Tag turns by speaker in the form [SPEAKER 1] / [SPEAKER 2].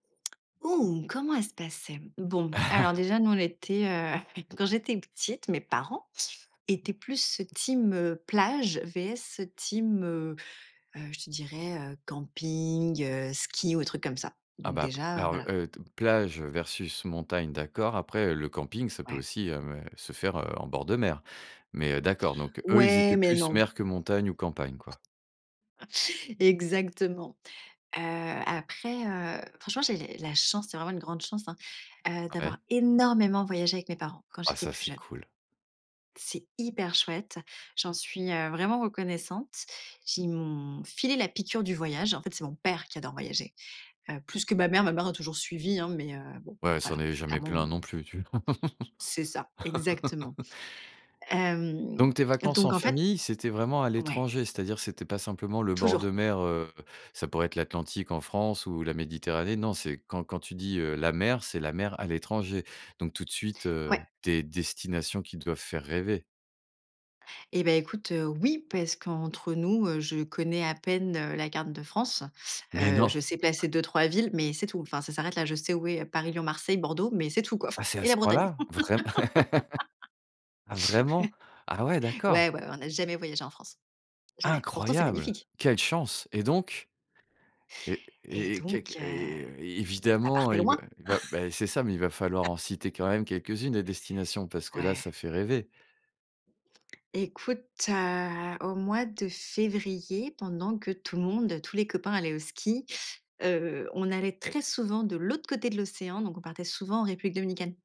[SPEAKER 1] Comment elle se passait? Bon, alors déjà, nous, on était, heu, quand j'étais petite, mes parents étaient plus team, heu, plage, vs team, heu, heu je te dirais, heu, camping, heu, ski ou truc comme ça.
[SPEAKER 2] Ah
[SPEAKER 1] Donc,
[SPEAKER 2] bah, p
[SPEAKER 1] déjà, heu,
[SPEAKER 2] ah,
[SPEAKER 1] voilà.
[SPEAKER 2] heu t plage versus montagne, d'accord. Après, heu, le camping, ça peut
[SPEAKER 1] Ouais.
[SPEAKER 2] aussi, heu, se faire, heu, en bord de mer. Mais, heu, d'accord, donc eux, ils
[SPEAKER 1] Ouais,
[SPEAKER 2] étaient
[SPEAKER 1] mais,
[SPEAKER 2] plus
[SPEAKER 1] non.
[SPEAKER 2] mer que montagne ou campagne, quoi.
[SPEAKER 1] Exactement. Heu, après, heu, franchement, j'ai la chance, c'est vraiment une grande chance, hein, heu,
[SPEAKER 2] Ah
[SPEAKER 1] d'avoir
[SPEAKER 2] ouais.
[SPEAKER 1] énormément voyagé avec mes parents, quand
[SPEAKER 2] Ah
[SPEAKER 1] j'étais
[SPEAKER 2] ça,
[SPEAKER 1] plus
[SPEAKER 2] c'est
[SPEAKER 1] jeune.
[SPEAKER 2] cool.
[SPEAKER 1] C'est hyper chouette. J'en suis, heu, vraiment reconnaissante. J'ai ils m’ont filé la piqûre du voyage. En fait, c'est mon père qui adore voyager, heu, plus que ma mère. Ma mère a toujours suivi, hein, mais, heu, bon,
[SPEAKER 2] Ouais, elle ne s'en
[SPEAKER 1] voilà,
[SPEAKER 2] est jamais
[SPEAKER 1] clairement
[SPEAKER 2] plaint
[SPEAKER 1] m
[SPEAKER 2] non plus, tu v
[SPEAKER 1] C'est ça, exactement. Hem,
[SPEAKER 2] Donc, tes vacances en
[SPEAKER 1] donc en fait
[SPEAKER 2] famille, c'était vraiment à
[SPEAKER 1] ouais.
[SPEAKER 2] l'étranger, c'est à dire, c'était pas simplement le bord
[SPEAKER 1] Toujours.
[SPEAKER 2] de mer, heu, ça pourrait être l'Atlantique en France ou la Méditerranée. Non, c'est quand quand tu dis, heu: «La mer», c'est la mer à l'étranger. Donc, tout de suite, heu,
[SPEAKER 1] Ouais.
[SPEAKER 2] des destinations qui doivent faire rêver.
[SPEAKER 1] Eh, bah, écoute, heu, oui, parce qu'entre nous, heu, je connais à peine, heu, la carte de France.
[SPEAKER 2] Mais
[SPEAKER 1] Heu, je
[SPEAKER 2] non?
[SPEAKER 1] sais placer 2-3 villes, mais c'est tout. Enfin, ça s'arrête là. Je sais où est Paris, Lyon, Marseille, Bordeaux, mais c'est tout, quoi.
[SPEAKER 2] Ah c'est à
[SPEAKER 1] Et la
[SPEAKER 2] ce point
[SPEAKER 1] Bretagne.
[SPEAKER 2] là? Vrai Ah vraiment? Ah ouais, d'accord.
[SPEAKER 1] Ouais, ouais, on n'a jamais voyagé en France, jamais. Pourtant, c'est
[SPEAKER 2] Incroyable!
[SPEAKER 1] magnifique.
[SPEAKER 2] Quelle chance! Et donc Et
[SPEAKER 1] Et
[SPEAKER 2] et et
[SPEAKER 1] donc,
[SPEAKER 2] quelque
[SPEAKER 1] heu,
[SPEAKER 2] et et et
[SPEAKER 1] ça
[SPEAKER 2] évidemment,
[SPEAKER 1] partait
[SPEAKER 2] il va
[SPEAKER 1] loin
[SPEAKER 2] il va, bah, c'est ça, mais il va falloir en citer quand même quelques unes, des destinations, parce que là
[SPEAKER 1] Ouais.
[SPEAKER 2] ça fait rêver.
[SPEAKER 1] Écoute, heu, au mois de février, pendant que tout le monde, tous les copains allaient au ski, heu, on allait très souvent de l'autre côté de l'océan, donc on partait souvent en République Dominicaine.